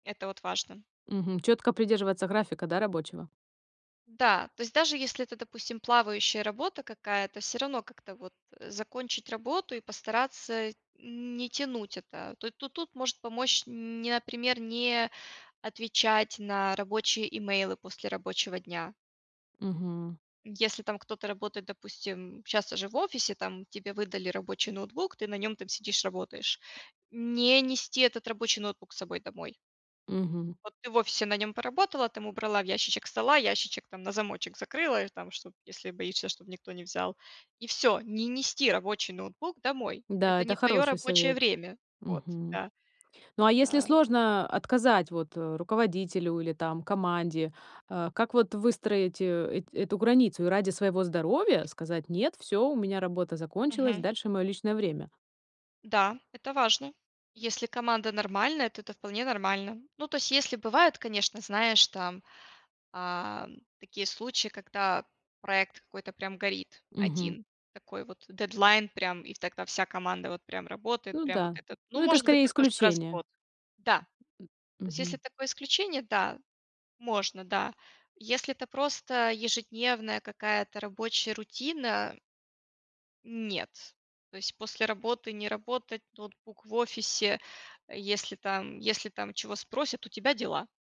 Это вот важно. Мгм, четко придерживаться графика, да, рабочего? Да, то есть даже если это, допустим, плавающая работа какая-то, всё равно как-то вот закончить работу и постараться не тянуть это, то то тут может помочь, не, например, не отвечать на рабочие имейлы после рабочего дня. Мгм. Если там кто-то работает, допустим, щас уже в офисе там, тебе выдали рабочий ноутбук, ты на нем там сидишь, работаешь- не нести этот рабочий ноутбук с собой домой. Мгм. Вот ты в офисе на нем поработала, там убрала в ящичек стола, ящичек там на замочек закрыла, и там что, если боишься, чтобы никто не взял. И всё, не нести рабочий ноутбук домой. Да, Это это не твоё хороший рабочее совет, время. Вот, мгм. да, Ну, а если а. сложно отказать, вот, руководителю или, там, команде, а как, вот, выстроить, а эт эту границу и ради своего здоровья? Сказать: "Нет, всё, у меня работа закончилась, Мгм. дальше моё личное время". Да, это важно. Если команда нормальная, то это вполне нормально. Ну, то есть если бывает, конечно, знаешь, там, а, такие случаи, когда проект какой-то прям горит Мгм. один, такой вот дедлайн прям, и тогда вся команда вот прям работает, Ну прям вот да. этот, Ну, ну, это может быть скорее такое раз в исключение. год, да. М То есть если мгм. такое исключение, да, можно, да, если это просто ежедневная какая-то рабочая рутина нет, то есть после работы не работать, ноутбук в офисе, если там если там чего спросят у тебя дела.